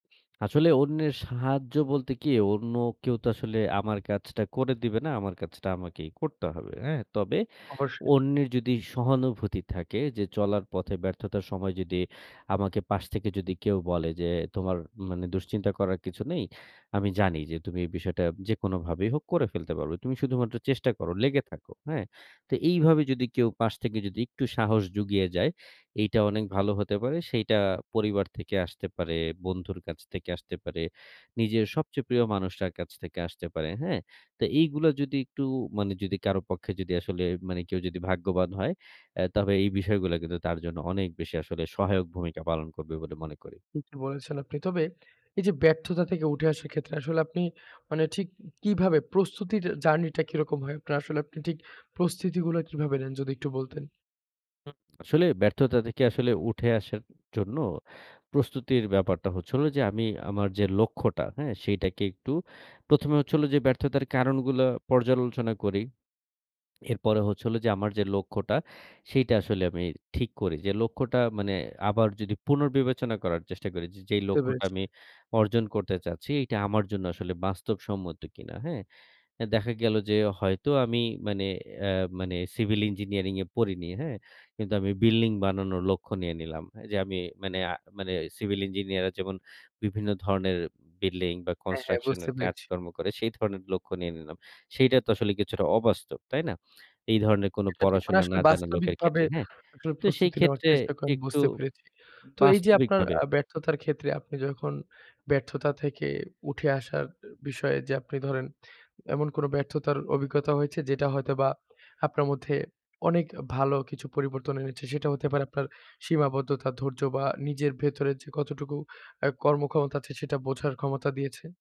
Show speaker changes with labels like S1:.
S1: আসলে অন্যের সাহায্য বলতে কি। অন্য কেউ তো আসলে আমার কাজটা করে দিবে না। আমার কাজটা আমাকেই করতে হবে, হ্যাঁ? তবে
S2: অবশ্যই।
S1: অন্যের যদি সহানুভূতি থাকে যে চলার পথে ব্যর্থতার সময় যদি আমাকে পাশ থেকে যদি কেউ বলে। যে তোমার মানে দুশ্চিন্তা করার কিছু নেই, আমি জানি যে তুমি এই বিষয়টা যেকোনোভাবেই হোক করে ফেলতে পারবে। তুমি শুধুমাত্র চেষ্টা করো। লেগে থাকো। হ্যাঁ? তো এইভাবে যদি কেউ পাশ থেকে যদি একটু সাহস জুগিয়ে যায়, এইটা অনেক ভালো হতে পারে। সেইটা পরিবার থেকে আসতে পারে, বন্ধুর কাছ থেকে আসতে পারে, নিজের সবচেয়ে প্রিয় মানুষটার কাছ থেকে আসতে পারে। হ্যাঁ? তো এইগুলা যদি একটু মানে যদি কারো পক্ষে যদি আসলে মানে কেউ যদি ভাগ্যবান হয়, অ্যাঁ তবে এই বিষয়গুলা কিন্তু তার জন্য অনেক বেশি আসলে সহায়ক ভূমিকা পালন করবে বলে মনে করি।
S2: ঠিকই বলেছেন আপনি। তবে এই যে ব্যর্থতা থেকে উঠে আসার ক্ষেত্রে, আসলে আপনি মানে ঠিক কিভাবে প্রস্তুতিটার জার্নি টা কিরকম হয়? আপনার আসলে আপনি ঠিক প্রস্তুতিগুলো কিভাবে নেন? যদি একটু বলতেন।
S1: হু, আসলে ব্যর্থতা থেকে আসলে উঠে আসার জন্য প্রস্তুতির ব্যাপারটা হচ্ছে হলো, যে আমি আমার যে লক্ষ্যটা হ্যাঁ? সেটাকে একটু ১ম এ হচ্ছে হল যে ব্যর্থতার কারণগুলা পর্যালোচনা করি। এরপরে হচ্ছে হলো যে আমার যে লক্ষ্যটা সেইটা আসলে আমি ঠিক করি। যে লক্ষ্যটা মানে আবার যদি পুনর্বিবেচনা করার চেষ্টা করি, যে যেই
S2: বুঝতে
S1: লক্ষ্যটা
S2: পেরেছি।
S1: আমি অর্জন করতে চাচ্ছি এইটা আমার জন্য আসলে বাস্তবসম্মত কিনা হ্যাঁ? এ দেখা গেল যে হয়তো আমি মানে অ্যাঁ মানে সিভিল ইঞ্জিনিয়ারিং এ পড়িনি, হ্যাঁ? কিন্তু আমি বিল্ডিং বানানোর লক্ষ্য নিয়ে নিলাম, যে আমি মানে আ মানে সিভিল ইঞ্জিনিয়ার রা যেমন বিভিন্ন ধরনের বিল্ডিং বা
S2: হ্যাঁ, হ্যাঁ
S1: কনস্ট্রাকশন
S2: বুঝতে
S1: এর
S2: পেরেছি।
S1: কাজকর্ম করে সেই ধরণের লক্ষ্য নিয়ে নিলাম। সেইটা তো আসলে কিছুটা অবাস্তব। তাই না? এই ধরনের কোন
S2: এটা ঠিক। মানে
S1: পড়াশোনা
S2: আসলে
S1: না জানা লোকের
S2: বাস্তবিকভাবে
S1: ক্ষেত্রে, হ্যাঁ?
S2: আপনার
S1: তো সেই
S2: প্রস্তুতি নেওয়ার
S1: ক্ষেত্রে
S2: চেষ্টা করেন
S1: একটু
S2: বুঝতে পেরেছি। তো এই যে আপনার
S1: বাস্তবিকভাবে
S2: আ ব্যর্থতার ক্ষেত্রে আপনি যখন ব্যর্থতা থেকে উঠে আসার বিষয়ে যে আপনি ধরেন, এমন কোন ব্যর্থতার অভিজ্ঞতা হয়েছে? যেটা হয়তোবা আপনার মধ্যে অনেক ভালো কিছু পরিবর্তন এনেছে। সেটা হতে পারে আপনার সীমাবদ্ধতা, ধৈর্য বা নিজের ভেতরে যে কতটুকু অ্যাঁ কর্মক্ষমতা আছে সেটা বোঝার ক্ষমতা দিয়েছে।